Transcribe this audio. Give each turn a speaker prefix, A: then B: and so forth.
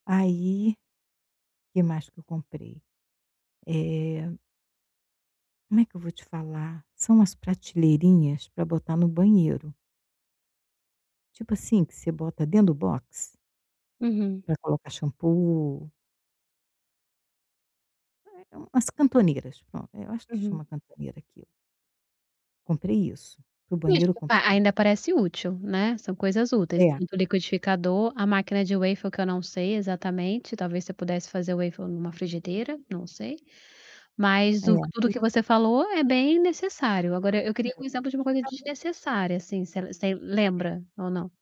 A: Aí, que mais que eu comprei? Eh como é que eu vou te falar? São umas prateleirinhas para botar no banheiro. Tipo, assim, que você bota dentro do box
B: Uhum.
A: pra colocar shampoo? É, é umas cantoneiras, pronto. É, eu acho que
B: Uhum.
A: chama cantoneira aquilo. Comprei isso, para o banheiro eu
B: Desculpa,
A: comprei
B: ainda parece útil, né, são coisas úteis,
A: É.
B: tanto o liquidificador, a máquina de waffles, que eu não sei exatamente, talvez você pudesse fazer waffles numa frigideira, não sei. Mas
A: É,
B: o tudo
A: e
B: que você falou é bem necessário. Agora, eu
A: É, o
B: queria uma exemplo de uma coisa
A: liquidificador
B: desnecessária, assim, você você lembra ou não?